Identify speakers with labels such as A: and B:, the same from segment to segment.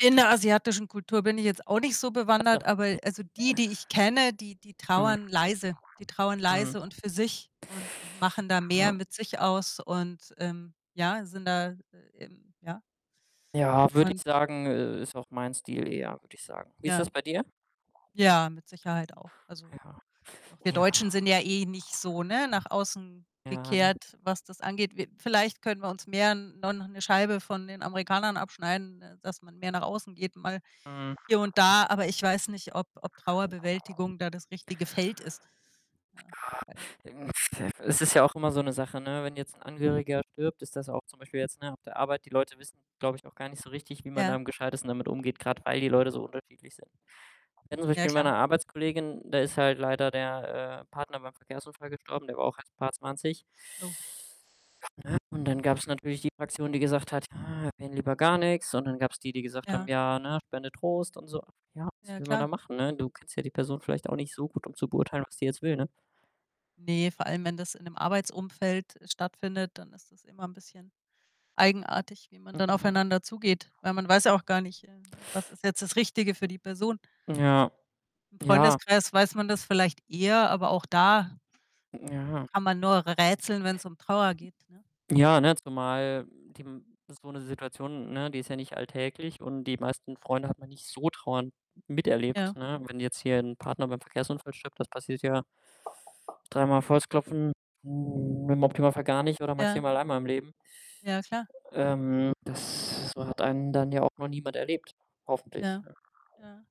A: In der asiatischen Kultur bin ich jetzt auch nicht so
B: Ah, doch.
A: bewandert, aber also
B: [unintelligible]
A: die, die ich kenne, die die
B: Mhm.
A: trauern leise, die trauern
B: Mhm.
A: leise und für sich und und machen da mehr
B: Hm.
A: mit sich aus und, ähm, ja, sind da eben ja.
B: Ja, würde
A: Und
B: ich sagen, i ist auch mein Stil eher, würde ich sagen. Wie ist das
A: Ja.
B: bei dir?
A: Ja, mit Sicherheit auch. Also,
B: Ja.
A: doch wir
B: Ja.
A: Deutschen sind ja eh nicht so, ne, nach außen
B: Ja, ne?
A: gekehrt, was das angeht. Wir vielleicht können wir uns mehr no noch 'ne Scheibe von den Amerikanern abschneiden, dass man mehr nach außen geht, mal
B: Mhm.
A: hier und da. Aber ich weiß nicht, ob ob Trauerbewältigung da das richtige Feld ist, ja. Ja,
B: Ah,
A: weil
B: ähm, f es ist ja auch immer so 'ne Sache, ne, wenn jetzt 'n Angehöriger stirbt, ist das auch zum Beispiel jetzt, ne, auf der Arbeit, die Leute wissen glaube ich, auch gar nicht so richtig, wie man da
A: Ja.
B: am Gescheitesten damit umgeht, grad weil die Leute so unterschiedlich sind. Wir hatten zum
A: Ja,
B: Beispiel mal
A: klar.
B: 'ne Arbeitskollegin, da ist halt leider der, äh, Partner beim Verkehrsunfall gestorben, der war auch erst 'n paarundzwanzig.
A: Oh.
B: Ne, und dann gab's natürlich die Fraktion, die gesagt hat: „Ja, erwähne lieber gar nix.“ und dann gab's die, die gesagt haben
A: Ja.
B: „Ja, ne, spende Trost und so.“ Ja, was
A: Ja,
B: will man da
A: klar.
B: machen, ne? Du kennst ja die Person vielleicht auch nicht so gut, um zu beurteilen, was die jetzt will, ne?
A: Ne, vor allem, wenn das in 'nem Arbeitsumfeld stattfindet, dann ist das immer 'n bisschen eigenartig, wie man dann
B: Ja.
A: aufeinander zugeht. Weil man weiß ja auch gar nicht, äh, äh, was ist jetzt das Richtige für die Person?
B: Ja.
A: Im
B: Ja.
A: Freundeskreis weiß man das vielleicht eher, aber auch da, äh,
B: Hm, ja.
A: kann man nur r rätseln, wenn's um Trauer geht, ne?
B: Ja, ne, zumal die so 'ne Situation, ne, die ist ja nicht alltäglich und die meisten Freunde hat man nicht so trauernd
A: Ja.
B: miterlebt, ne? Wenn jetzt hier 'n Partner beim Verkehrsunfall stirbt, das passiert ja, dreimal auf Holz klopfen, hm, im Optimalfall gar nicht oder
A: Ja.
B: maximal einmal im Leben.
A: Ja, klar.
B: Ähm, das hat einen dann ja auch noch niemand erlebt, hoffentlich,
A: Ja,
B: ja.
A: ja.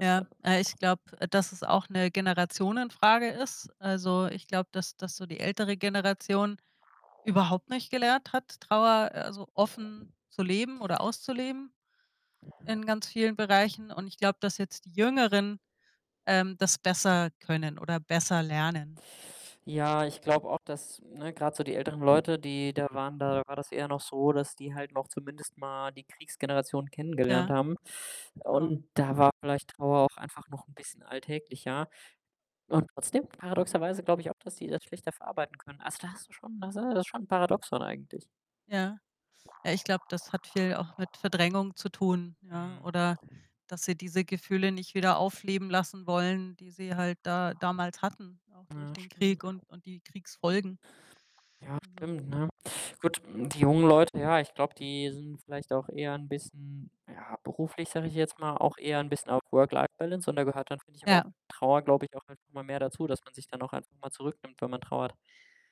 A: Ja, aber ich glaube, dass es auch 'ne Generationenfrage ist. Also, ich glaube, dass dass so die ältere Generation überhaupt nicht gelernt hat, Trauer, also, offen zu leben oder auszuleben
B: Ja.
A: in ganz vielen Bereichen. Und ich glaube, dass jetzt die Jüngeren, ähm, das besser können oder besser lernen.
B: Ja, ich glaube auch, dass, ne, grad so die älteren Leute, die da waren da war das eher noch so, dass die halt noch zumindest mal die Kriegsgeneration kennengelernt
A: Ja,
B: haben.
A: genau.
B: Und da war vielleicht Trauer auch einfach noch 'n bisschen alltäglicher. Und trotzdem paradoxerweise glaube ich auch, dass die das schlechter verarbeiten können. Also, da hast du schon da s das ist schon Paradoxon eigentlich.
A: Ja. Ah, ich glaube, das hat viel auch mit Verdrängung zu tun, ja.
B: Mhm.
A: Oder, dass sie diese Gefühle nicht wieder aufleben lassen wollen, die sie halt da damals hatten, auch durch
B: Ja,
A: den
B: stimmt.
A: Krieg und und die Kriegsfolgen.
B: Ja,
A: Also
B: stimmt, ne? Gut, die jungen Leute, ja, ich glaube, die sind vielleicht auch eher 'n bisschen, ja, beruflich, sage ich jetzt mal, auch eher 'n bisschen auf Work-Life-Balance und da gehört dann, finde ich, aber auch
A: Ja.
B: Trauer, glaube ich, auch einfach mal mehr dazu, dass man sich dann auch einfach mal zurücknimmt, wenn man trauert.